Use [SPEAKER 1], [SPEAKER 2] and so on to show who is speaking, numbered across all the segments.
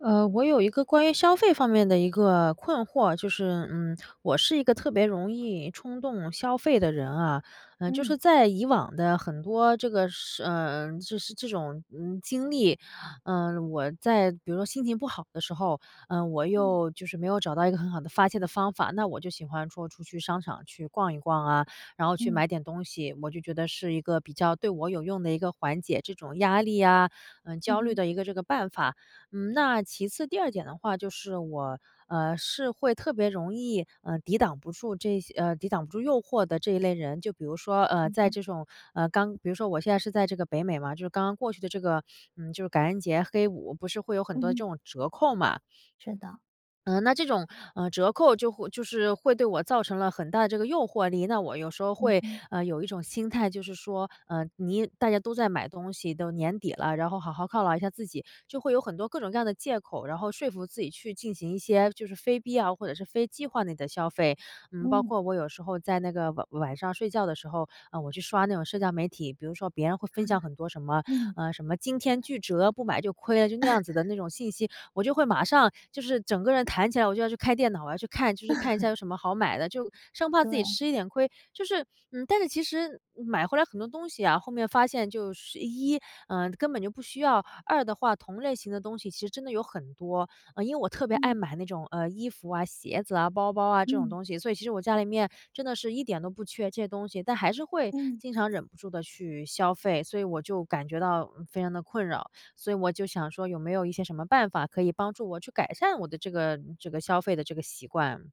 [SPEAKER 1] 呃，我有一个关于消费方面的一个困惑，就是，嗯，我是一个特别容易冲动消费的人啊。呃，就是
[SPEAKER 2] 嗯。
[SPEAKER 1] 在以往的很多这个事呃，就是这种，嗯，经历，呃，我在比如说心情不好的时候，呃，我
[SPEAKER 2] 嗯。
[SPEAKER 1] 又就是没有找到一个很好的发泄的方法，那我就喜欢说出去商场去逛一逛啊，然后去
[SPEAKER 2] 嗯。
[SPEAKER 1] 买点东西，我就觉得是一个比较对我有用的一个缓解这种压力啊，呃，
[SPEAKER 2] 嗯
[SPEAKER 1] 焦虑
[SPEAKER 2] 哼。
[SPEAKER 1] 的一个这个办法。嗯，那其次第二点的话，就是我，呃，是会特别容易，呃，抵挡不住这些呃，抵挡不住诱惑的这一类人，就比如说，呃，
[SPEAKER 2] 嗯
[SPEAKER 1] 在
[SPEAKER 2] 哼。
[SPEAKER 1] 这种呃，刚比如说我现在是在这个北美嘛，就是刚刚过去的这个嗯，就是感恩节黑五不是会有很
[SPEAKER 2] 嗯
[SPEAKER 1] 多的
[SPEAKER 2] 哼。
[SPEAKER 1] 这种折扣嘛。
[SPEAKER 2] 是的。
[SPEAKER 1] 嗯，那这种，呃，折扣就会就是会对我造成了很大的这个诱惑力，那我有时候
[SPEAKER 2] 嗯
[SPEAKER 1] 会
[SPEAKER 2] 哼。
[SPEAKER 1] 呃，有一种心态，就是说，呃，你大家都在买东西，都年底了，然后好好犒劳一下自己，就会有很多各种各样的借口，然后说服自己去进行一些就是非必要或者是非计划内的消费。嗯，包
[SPEAKER 2] 嗯。
[SPEAKER 1] 括我有时候在那个晚晚上睡觉的时候，嗯，我去刷那种社交媒体，比如说别人会
[SPEAKER 2] 啊。
[SPEAKER 1] 分享很多什么
[SPEAKER 2] 嗯。
[SPEAKER 1] 呃，什么惊天巨折，不买就亏了，就那 样子的那种信息，我就会马上就是整个人弹起来，我就要去开电脑，我要去看，就是看一下 有什么好买的，就生怕自己
[SPEAKER 2] 对。
[SPEAKER 1] 吃一点亏。就是嗯，但是其实买回来很多东西啊，后面发现就是一，嗯，根本就不需要，二的话，同类型的东西其实真的有很多。嗯，因为我特别爱
[SPEAKER 2] 嗯。
[SPEAKER 1] 买那种，呃，衣服啊、鞋子啊、包包啊这种
[SPEAKER 2] 嗯。
[SPEAKER 1] 东西，所以其实我家里面真的是一点都不缺这些东西，但还是会
[SPEAKER 2] 嗯。
[SPEAKER 1] 经常忍不住地去消费，所以我就感觉到非常地困扰。所以我就想说有没有一些什么办法可以帮助我去改善我的这个这个消费的这个习惯。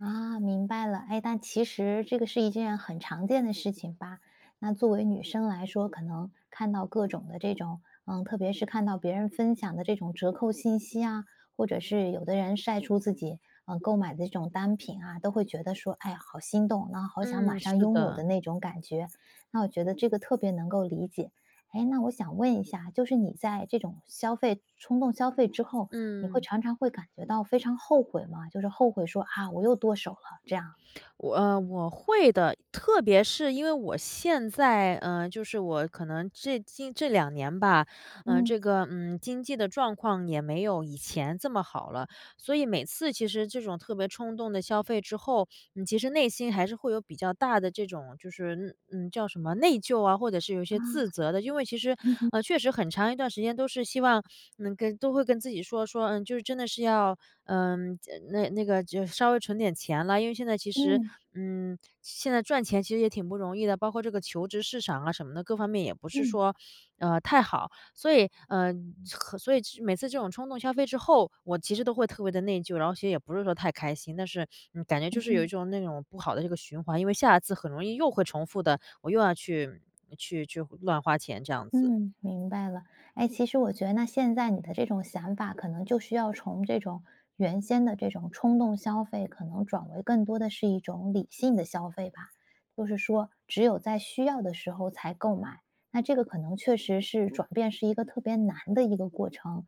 [SPEAKER 2] 啊，明白了。诶，但其实这个是一件很常见的事情吧。那作为女生来说，可能看到各种的这种呃，特别是看到别人分享的这种折扣信息啊，或者是有的人晒出自己，呃，购买的这种单品啊，都会觉得说”哎，好心动，然后好想马
[SPEAKER 1] 嗯，
[SPEAKER 2] 上
[SPEAKER 1] 是
[SPEAKER 2] 拥有”的
[SPEAKER 1] 的。
[SPEAKER 2] 那种感觉，那我觉得这个特别能够理解。诶，那我想问一下，就是你在这种消费冲动消费之后，你会
[SPEAKER 1] 嗯。
[SPEAKER 2] 常常会感觉到非常后悔吗？就是后悔说：“啊，我又剁手了。”这样？
[SPEAKER 1] 我呃，我会的，特别是因为我现在呃，就是我可能这近这2年吧，呃，
[SPEAKER 2] 嗯。
[SPEAKER 1] 这个嗯，经济的状况也没有以前这么好了，所以每次其实这种特别冲动的消费之后，嗯，其实内心还是会有比较大的这种就是嗯嗯，叫什么内疚啊，或者是有一些
[SPEAKER 2] 啊。
[SPEAKER 1] 自责的。因为其实，
[SPEAKER 2] 嗯哼。
[SPEAKER 1] 呃，确实很长一段时间都是希望能跟都会跟自己说，说：”嗯，就是真的是要嗯，这那那个就稍微存点钱了。“因为现在其实
[SPEAKER 2] 嗯。
[SPEAKER 1] 嗯，现在赚钱其实也挺不容易的，包括这个求职市场啊什么的，各方面也不是
[SPEAKER 2] 嗯。
[SPEAKER 1] 说，呃，太好。所以呃，和所以每次这种冲动消费之后，我其实都会特别地内疚，然后心里也不是说太开心。但是嗯，感觉就
[SPEAKER 2] 嗯
[SPEAKER 1] 是有一
[SPEAKER 2] 哼。
[SPEAKER 1] 种那种不好的这个循环，因为下一次很容易又会重复的，我又要去去去乱花钱这样子。
[SPEAKER 2] 嗯，明白了。哎，其实我觉得那现在你的这种想法可能就需要从这种原先的这种冲动消费可能转为更多的是一种理性的消费吧。就是说只有在需要的时候才购买，那这个可能确实是转变是一个特别难的一个过程。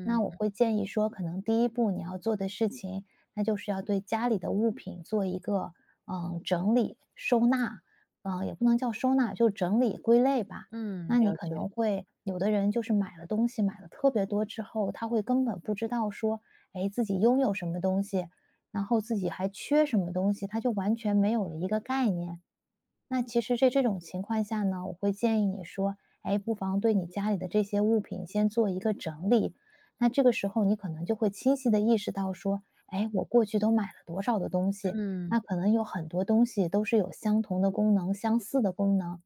[SPEAKER 2] 那我会建议说，可能第一步你要做的事情，那就是要对家里的物品做一个，呃，整理、收纳呃，也不能叫收纳，就是整理归类吧。
[SPEAKER 1] 嗯，
[SPEAKER 2] 那你
[SPEAKER 1] 了
[SPEAKER 2] 可能
[SPEAKER 1] 解。
[SPEAKER 2] 会有的人就是买了东西，买了特别多之后，他会根本不知道说，诶，自己拥有什么东西，然后自己还缺什么东西，他就完全没有了一个概念。那其实在这种情况下呢，我会建议你说，哎，不妨对你家里的这些物品先做一个整理。那这个时候你可能就会清晰地意识到说：“哎，我过去都买了多少的东西。
[SPEAKER 1] 嗯。
[SPEAKER 2] 那可能有很多东西都是有相同的功能、相似的功能，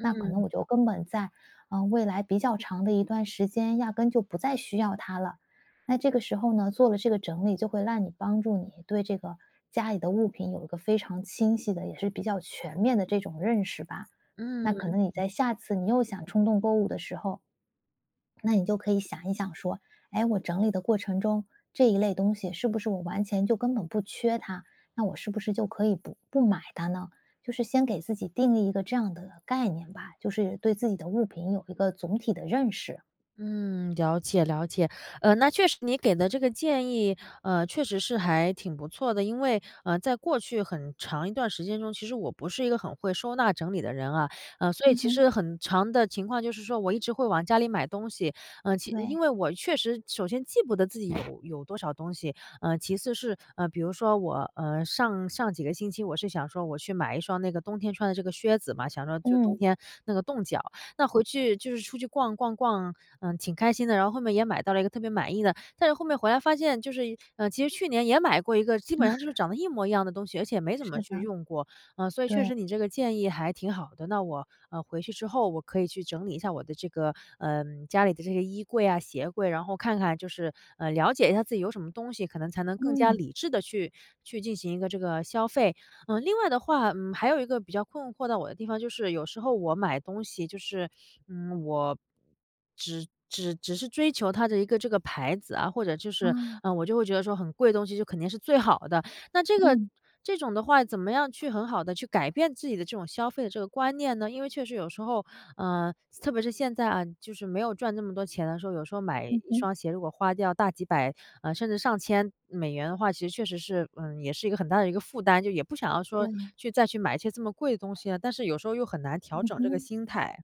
[SPEAKER 2] 那可能我就根本在呃，未来比较长的一段时间，压根就不再需要它了。”那这个时候呢，做了这个整理，就会让你帮助你对这个家里的物品有一个非常清晰的，也是比较全面的这种认识吧。
[SPEAKER 1] 嗯。
[SPEAKER 2] 那可能你在下次你又想冲动购物的时候，那你就可以想一想说：“诶，我整理的过程中，这一类东西是不是我完全就根本不缺它，那我是不是就可以不不买它呢？”就是先给自己定义一个这样的概念吧，就是对自己的物品有一个总体的认识。
[SPEAKER 1] 嗯，了解，了解。呃，那确实你给的这个建议，呃，确实是还挺不错的。因为，呃，在过去很长一段时间中，其实我不是一个很会收纳整理的人啊。呃，所以
[SPEAKER 2] 嗯
[SPEAKER 1] 其
[SPEAKER 2] 哼。
[SPEAKER 1] 实很常的情况就是说我一直会往家里买东西，呃，其
[SPEAKER 2] 对。
[SPEAKER 1] 因为我确实首先记不得自己有有多少东西。呃，其次是呃，比如说我呃，上上几个星期我是想说我去买一双那个冬天穿的这个靴子嘛，想说就是冬
[SPEAKER 2] 嗯。
[SPEAKER 1] 天，那个冻脚那回去就是出去逛逛逛，嗯，挺开心的，然后后面也买到了一个特别满意的。但是后面回来发现就是呃，其实去年也买过一个基本上就是 长得一模一样的东西，而且也没怎
[SPEAKER 2] 是
[SPEAKER 1] 么
[SPEAKER 2] 的。
[SPEAKER 1] 去用过。呃，所以确
[SPEAKER 2] 对。
[SPEAKER 1] 实你这个建议还挺好的，那我，呃，回去之后，我可以去整理一下我的这个呃，家里的这个衣柜呀、鞋柜，然后看看就是呃，了解一下自己有什么东西，可能才能更加
[SPEAKER 2] 嗯。
[SPEAKER 1] 理智地去去进行一个这个消费。呃，另外的话嗯，还有一个比较困惑到我的地方，就是有时候我买东西就是，嗯，我只只只是追求它的一个这个牌子啊，或者就是
[SPEAKER 2] 啊。
[SPEAKER 1] 嗯，我就会觉得说很贵的东西就肯定是最好的。那这个
[SPEAKER 2] 嗯。
[SPEAKER 1] 这种的话，怎么样去很好地去改变自己的这种消费的这个观念呢？因为确实有时候呃，特别是现在啊，就是没有赚这么多钱的时候，有时候买一
[SPEAKER 2] 嗯哼。
[SPEAKER 1] 双鞋，如果花掉大几百，呃，甚至上千美元的话，其实确实是呃，也是一个很大的一个负担，就也不想要说
[SPEAKER 2] 对。
[SPEAKER 1] 去再去买一些这么贵的东西了，但是有时候又很难调
[SPEAKER 2] 嗯
[SPEAKER 1] 整这个
[SPEAKER 2] 哼。
[SPEAKER 1] 心态。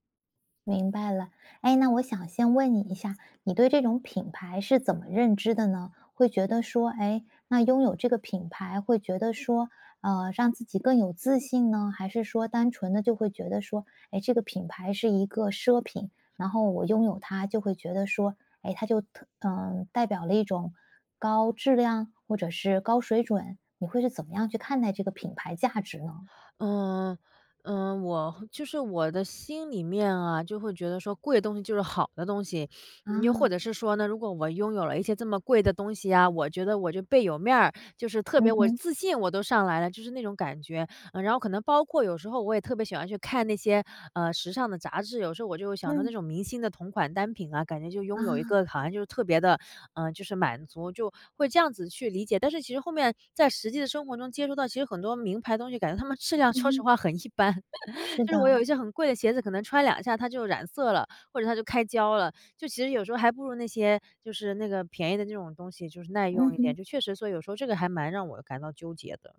[SPEAKER 2] 明白了。诶，那我想先问你一下，你对这种品牌是怎么认知的呢？会觉得说诶，那拥有这个品牌会觉得说，呃，让自己更有自信呢？还是说单纯地就会觉得说，诶，这个品牌是一个奢品，然后我拥有它就会觉得说诶，它就特呃，代表了一种高质量或者是高水准？你会是怎么样去看待这个品牌价值呢？
[SPEAKER 1] 呃，呃，我就是我的心里面啊，就会觉得说贵的东西就是好的东西。你又或
[SPEAKER 2] 啊。
[SPEAKER 1] 者是说呢，如果我拥有了一些这么贵的东西呀，我觉得我就倍有面儿，就是特
[SPEAKER 2] 嗯
[SPEAKER 1] 别我我
[SPEAKER 2] 哼。
[SPEAKER 1] 自信我都上来了，就是那种感觉。嗯，然后可能包括有时候我也特别喜欢去看那些，呃，时尚的杂志，有时候我就会想着那
[SPEAKER 2] 嗯。
[SPEAKER 1] 种明星的同款单品啊，感觉就拥有一
[SPEAKER 2] 啊。
[SPEAKER 1] 个好像就是特别地呃，就是满足，就会这样子去理解。但是其实后面在实际的生活中接触到其实很多名牌的东西，感觉它们质量
[SPEAKER 2] 嗯
[SPEAKER 1] 说实
[SPEAKER 2] 哼。
[SPEAKER 1] 话很一般，
[SPEAKER 2] 是
[SPEAKER 1] 就是我有
[SPEAKER 2] 的。
[SPEAKER 1] 一些很贵的鞋子，可能穿两下它就染色了，或者它就开胶了。就其实有时候还不如那些就是那个便宜的那种东西就是耐
[SPEAKER 2] 嗯
[SPEAKER 1] 用一
[SPEAKER 2] 哼。
[SPEAKER 1] 点，就确实说有时候这个还蛮让我感到纠结的。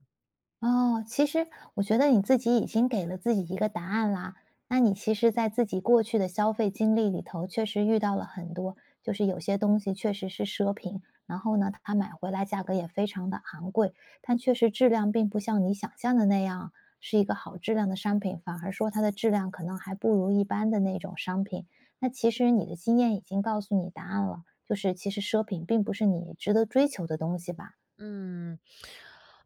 [SPEAKER 2] 哦，其实我觉得你自己已经给了自己一个答案啦。那你其实在自己过去的消费经历里头确实遇到了很多就是有些东西确实是奢品，然后呢，它买回来价格也非常地昂贵，但确实质量并不像你想象的那样，是一个好质量的商品，反而说它的质量可能还不如一般的那种商品。那其实你的经验已经告诉你答案了，就是其实奢品并不是你值得追求的东西吧。
[SPEAKER 1] 嗯，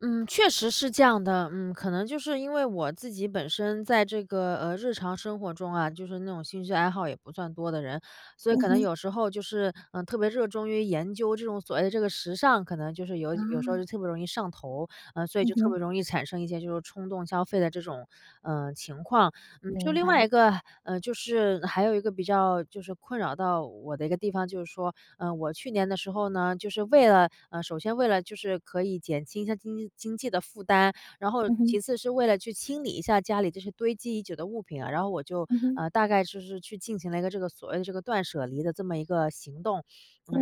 [SPEAKER 1] 嗯，确实是这样的。嗯，可能就是，因为我自己本身在这个，呃，日常生活中啊，就是那种兴趣爱好也不算多的人，所以
[SPEAKER 2] 嗯
[SPEAKER 1] 可能
[SPEAKER 2] 哼。
[SPEAKER 1] 有时候就是，呃，特别热衷于研究这种所谓的这个时尚，可能就是有有时候就
[SPEAKER 2] 啊。
[SPEAKER 1] 特别容易上头，呃，所以
[SPEAKER 2] 嗯
[SPEAKER 1] 就特
[SPEAKER 2] 哼。
[SPEAKER 1] 别容易产生一些就是冲动消费的这种，呃，情况。嗯，就
[SPEAKER 2] 明
[SPEAKER 1] 另外
[SPEAKER 2] 白。
[SPEAKER 1] 一个呃，就是还有一个比较就是困扰到我的一个地方，就是说，呃，我去年的时候呢，就是为了呃，首先为了就是可以减轻一下经济经济的负担。然后
[SPEAKER 2] 嗯哼。
[SPEAKER 1] 其次是为了去清理一下家里这些堆积已久的物品啊，然后我就
[SPEAKER 2] 嗯哼。
[SPEAKER 1] 呃，大概就是去进行了一个这个所谓的这个断舍离的这么一个行动。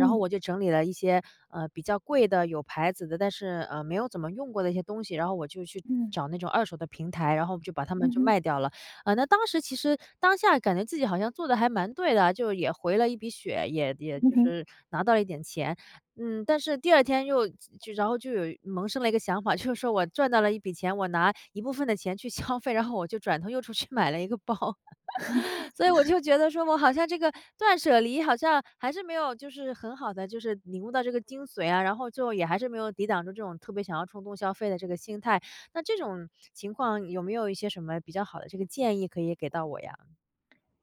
[SPEAKER 1] 然后我就整理了一些，呃，比较贵的、有牌子的，但是，呃，没有怎么用过的一些东西，然后我就去
[SPEAKER 2] 嗯。
[SPEAKER 1] 找那种二手的平台，然后就把它们
[SPEAKER 2] 嗯
[SPEAKER 1] 就
[SPEAKER 2] 哼。
[SPEAKER 1] 卖掉了。呃，那当时其实当下感觉自己好像做得还蛮对的啊，就也回了一笔血，也也
[SPEAKER 2] 嗯
[SPEAKER 1] 就
[SPEAKER 2] 哼。
[SPEAKER 1] 是拿到了一点钱。嗯，但是第二天又就然后就有萌生了一个想法，就说我赚到了一笔钱，我拿一部分的钱去消费，然后我就转头又出去买了一个包。所以我 就觉得说我好像这个断舍离好像还是没有，就是很好地就是领悟到这个精髓啊，然后就，也还是没有抵挡住这种特别想要冲动消费的这个心态。那这种情况有没有一些什么比较好的这个建议可以给到我呀？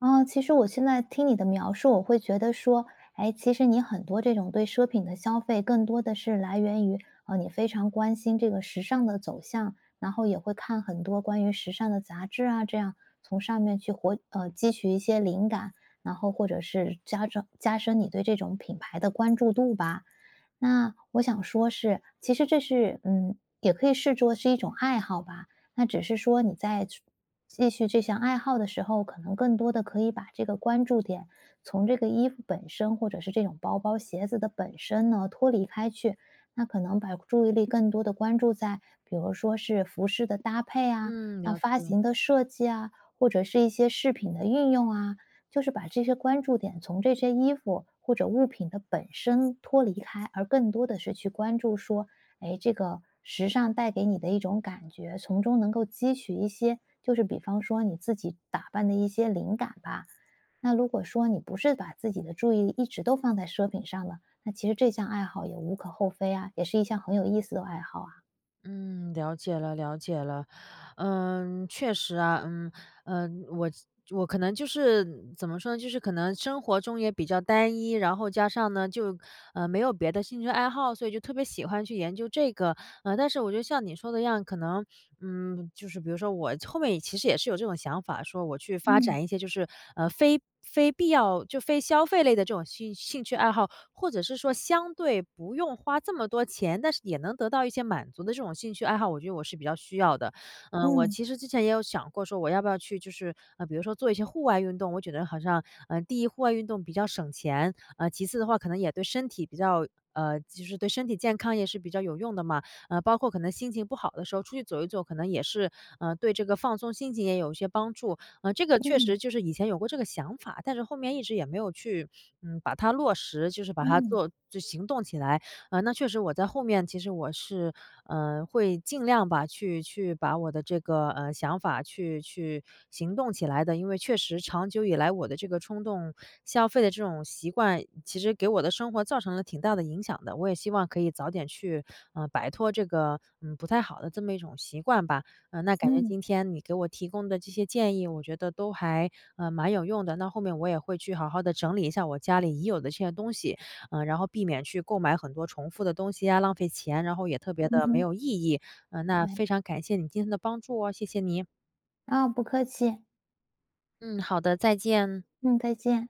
[SPEAKER 2] 呃，其实我现在听你的描述，我会觉得说，诶，其实你很多这种对奢品的消费更多的是来源于，呃，你非常关心这个时尚的走向，然后也会看很多关于时尚的杂志啊，这样，从上面去活呃，汲取一些灵感。然后或者是加装加深你对这种品牌的关注度吧。那我想说是其实这是嗯，也可以视作是一种爱好吧。那只是说你在去继续这项爱好的时候，可能更多的可以把这个关注点从这个衣服本身，或者是这种包包鞋子的本身呢脱离开去，那可能把注意力更多地关注在比如说是服饰的搭配啊、
[SPEAKER 1] 嗯，
[SPEAKER 2] 那
[SPEAKER 1] 了
[SPEAKER 2] 发
[SPEAKER 1] 解。
[SPEAKER 2] 型的设计啊，或者是一些饰品的运用啊。就是把这些关注点从这些衣服或者物品的本身脱离开，而更多的是去关注说，诶，这个时尚带给你的一种感觉，从中能够汲取一些就是比方说你自己打扮的一些灵感吧。那如果说你不是把自己的注意力一直都放在奢品上了，那其实这项爱好也无可厚非啊，也是一项很有意思的爱好啊。
[SPEAKER 1] 嗯，了解了了解了。呃，确实啊，嗯，呃，我我可能就是怎么说呢，就是可能生活中也比较单一，然后加上呢，就呃，没有别的兴趣爱好，所以就特别喜欢去研究这个。呃，但是我觉得像你说的一样，可能，嗯，就是比如说我后面也其实也是有这种想法，说我去发
[SPEAKER 2] 嗯。
[SPEAKER 1] 展一些，就是，呃，非非必要就非消费类的这种兴兴趣爱好，或者是说，相对不用花这么多钱，但是也能得到一些满足的这种兴趣爱好，我觉得我是比较需要的。嗯，我
[SPEAKER 2] 嗯。
[SPEAKER 1] 其实之前也有想过，说我要不要去就是，呃，比如说做一些户外运动，我觉得好像呃，第一，户外运动比较省钱，呃，其次的话，可能也对身体比较呃，就是对身体健康也是比较有用的嘛。呃，包括可能心情不好的时候，出去走一走，可能也是，呃，对这个放松心情也有一些帮助。嗯，这个确
[SPEAKER 2] 嗯。
[SPEAKER 1] 实就是以前有过这个想法，但是后面一直也没有去，呃，把它落实，就是把它
[SPEAKER 2] 嗯。
[SPEAKER 1] 做行动起来。那确实我在后面，其实我是呃，会尽量吧，去去把我的这个，呃，想法去去行动起来的，因为确实长久以来，我的这个冲动消费的这种习惯，其实给我的生活造成了挺大的影响的。我也希望可以早点去，呃，摆脱这个嗯，不太好的这么一种习惯吧。呃，那感觉
[SPEAKER 2] 嗯。
[SPEAKER 1] 今天你给我提供的这些建议，我觉得都还，呃，蛮有用的。那后面，我也会去好好地整理一下我家里已有的这些东西，呃，然后避免去购买很多重复的东西啊，浪费钱，然后也特别
[SPEAKER 2] 嗯
[SPEAKER 1] 地没
[SPEAKER 2] 哼。
[SPEAKER 1] 有意义。呃，那
[SPEAKER 2] 对。
[SPEAKER 1] 非常感谢你今天的帮助哦，谢谢你。
[SPEAKER 2] 哦，不客气。
[SPEAKER 1] 嗯，好的，再见。
[SPEAKER 2] 嗯，再见。